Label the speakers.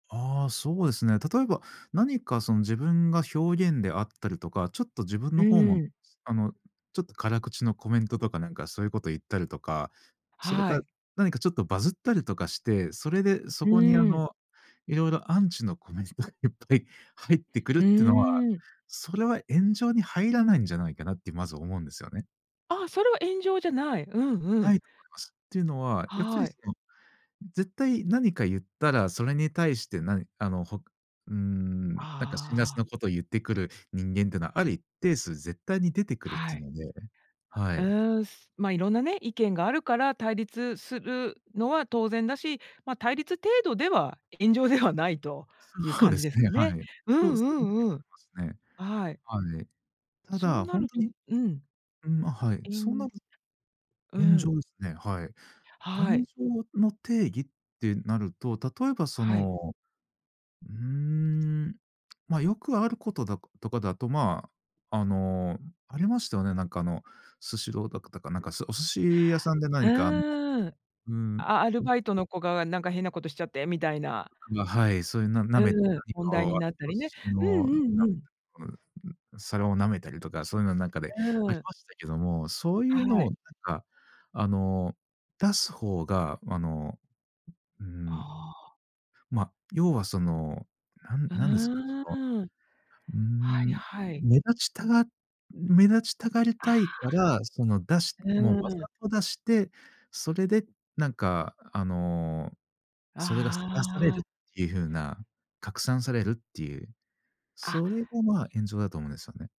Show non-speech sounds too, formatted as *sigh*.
Speaker 1: ああ、そうですね。例えば何か、その、自分が表現であったりとか、ちょっと自分
Speaker 2: う
Speaker 1: の方も
Speaker 2: ーん。
Speaker 1: すあの、ちょっと辛口のコメントとかなんか、そういうこと言ったりとか、それか
Speaker 2: は
Speaker 1: ら、
Speaker 2: い。
Speaker 1: 何かちょっとバズったりとかして、それでそ
Speaker 2: う
Speaker 1: こに、あ
Speaker 2: ーん。
Speaker 1: の、色々アンチのコメントいっぱい入ってくる
Speaker 2: う
Speaker 1: ってのは、
Speaker 2: ーん。
Speaker 1: それは炎上に入らないんじゃないかなって、まずは思うんですよね。
Speaker 2: あ、それは炎上じゃない。うんう
Speaker 1: な
Speaker 2: ん。
Speaker 1: いと思います。ていうのは、やっぱ
Speaker 2: は
Speaker 1: り、そ
Speaker 2: い。
Speaker 1: の、絶対何か言ったら、それに対して何あの、ほうーん、なんか辛辣
Speaker 2: あ
Speaker 1: な
Speaker 2: あ。
Speaker 1: ことを言ってくる人間ってのは、ある一定数絶対に出てくるっ
Speaker 2: は
Speaker 1: ていう
Speaker 2: い。
Speaker 1: のね、は
Speaker 2: う
Speaker 1: い。
Speaker 2: ーん、すま、いろんなね、意見があるから対立するのは当然だし、ま、対立程度では炎上ではないという
Speaker 1: そう
Speaker 2: 感
Speaker 1: で
Speaker 2: じ
Speaker 1: す
Speaker 2: です
Speaker 1: ね、
Speaker 2: か
Speaker 1: は
Speaker 2: ね。
Speaker 1: い。
Speaker 2: うん
Speaker 1: と、そういう
Speaker 2: うんうん。
Speaker 1: 風に思いま
Speaker 2: あ、はい。
Speaker 1: すね。はい。た
Speaker 2: そう
Speaker 1: だ、
Speaker 2: な
Speaker 1: ほん
Speaker 2: る
Speaker 1: と
Speaker 2: と
Speaker 1: に
Speaker 2: うん。
Speaker 1: うん、ま、はい。そんな
Speaker 2: *unintelligible*
Speaker 1: ず
Speaker 2: う
Speaker 1: 炎
Speaker 2: ん。
Speaker 1: 上ですね、はい。
Speaker 2: は
Speaker 1: 炎
Speaker 2: い。
Speaker 1: 上のの定義ってなると、例えばそ
Speaker 2: はい。
Speaker 1: の、うーん、ま、よくあることだことかだと、まあ、あの、ありましたよね、なんか、あの、スシローだかだか、なんか、そ、お寿司屋さんで
Speaker 2: う
Speaker 1: 何か、あの
Speaker 2: ーん。
Speaker 1: うん、う。
Speaker 2: アアルバイトの子が、なんか、変なことしちゃってみたいな。
Speaker 1: ん、が、はい、そういうななめ
Speaker 2: うーん、
Speaker 1: 何
Speaker 2: 問
Speaker 1: か
Speaker 2: 題に
Speaker 1: を、
Speaker 2: なったりね。うんうんうん。
Speaker 1: *unintelligible* 皿を舐めたりとか、そういうのなんかで
Speaker 2: う
Speaker 1: あ
Speaker 2: ー
Speaker 1: り
Speaker 2: ん。
Speaker 1: ましたけども、そういう
Speaker 2: は
Speaker 1: の
Speaker 2: い。
Speaker 1: を、なんか、あの、出す方が、あの、うーん、
Speaker 2: ああ。
Speaker 1: ま、要はその、なん
Speaker 2: う
Speaker 1: なんですか、その、
Speaker 2: ーん。
Speaker 1: うー
Speaker 2: はい
Speaker 1: ん、
Speaker 2: はい。
Speaker 1: 目立ちたが目立ちたがり
Speaker 2: ああ。
Speaker 1: たいから、その、出し
Speaker 2: う
Speaker 1: もう、わ
Speaker 2: ー
Speaker 1: ざ
Speaker 2: ん。
Speaker 1: と出して、それで、なんか、あの、それが晒され
Speaker 2: あ
Speaker 1: る
Speaker 2: あ。
Speaker 1: っていう風な、拡散されるっていう、
Speaker 2: あ。
Speaker 1: それが、ま、炎上だと思うんですよね。